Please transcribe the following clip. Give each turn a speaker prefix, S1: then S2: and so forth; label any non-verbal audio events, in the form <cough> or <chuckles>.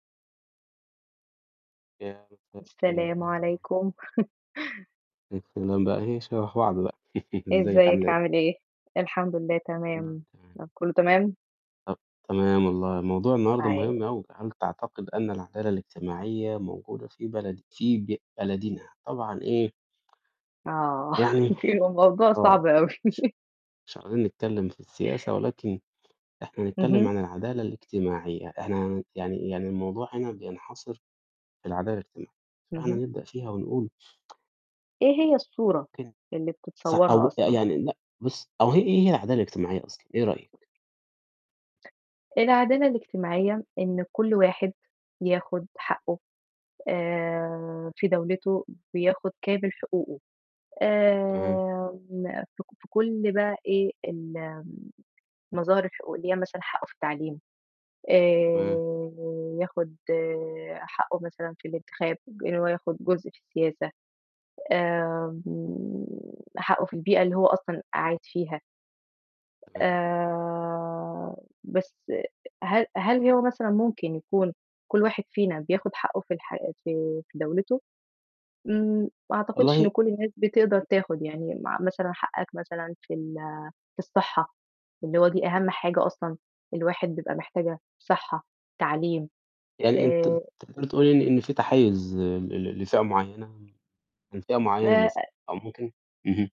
S1: يا أهلًا، مساء الخير، إيه
S2: السلام
S1: الأخبار؟
S2: عليكم. <chuckles>
S1: إبه الكلام بقى <unintelligible> <chuckles> إزيّك، عاملة
S2: إزيّك؟
S1: إيه؟
S2: عامل إيه؟ الحمد لله،
S1: كلّه
S2: تمام.
S1: تمام.
S2: م كلّه تمام؟
S1: طَب تمام والله، موضوع النهارده
S2: أي
S1: مهم أوي. هل تعتقد أن العدالة الاجتماعية موجودة في بلد في ب بلدنا؟ طبعًا إيه
S2: آه،
S1: يعني
S2: <chuckles> يبقى الموضوع
S1: آه،
S2: صعب أوي.
S1: ش
S2: <chuckles>
S1: مش عايزين نتكلّم في السياسة ولكن إحنا نتكلّم
S2: اهم.
S1: عن العدالة الاجتماعية، إحنا هن يعني يعني الموضوع هنا بينحصر في العدالة الاجتم فإحنا
S2: اهم.
S1: هنبدأ فيها ونقول <tsk>
S2: إيه هي الصورة
S1: ممكن
S2: اللي
S1: ص أو
S2: بتتصوّرها
S1: ب
S2: أصلًا؟
S1: يعني لأ، بُص أو هي إيه العدالة الاجتماعية أصلًا، إيه رأيك؟
S2: العدالة الاجتماعية إن كل واحد ياخُد
S1: إمم.
S2: حقّه آآ، في دَولته بياخُد كامل
S1: إمم.
S2: حقوقه.
S1: تمام.
S2: آآ، م في ك في كل بقى إيه ال المظاهر الحقوق اللي هي مثلًا حقّه في التعليم،
S1: تمام.
S2: آآ، بياخُد حقّه مثلًا في الانتخاب، إن هو ياخُد جزء في السياسة، آمم، حقّه في البيئة اللي هو أصلًا قاعد فيها.
S1: تمام.
S2: آآ، بس هل هل هو مثلًا ممكن يكون كل واحد فينا بياخُد حقّه في الحياة في في دَولته؟ إمم، ما أعتقدش
S1: والله
S2: إن كل الناس بتقدر تاخُد، يعني مع مثلًا حقّك مثلًا في ال في الصحّة، اللي هو دي أهَم حاجة أصلًا الواحد بيبقى محتاجها صحّة، تعلّيم
S1: يعني أنتِ أنتِ
S2: آآ
S1: تقدري تقولي إن إن في تحيُّز ل ل لفئة معيّنة، من فئة
S2: ما
S1: معيّنة مثلًا
S2: آآ
S1: أو ممكن اهم.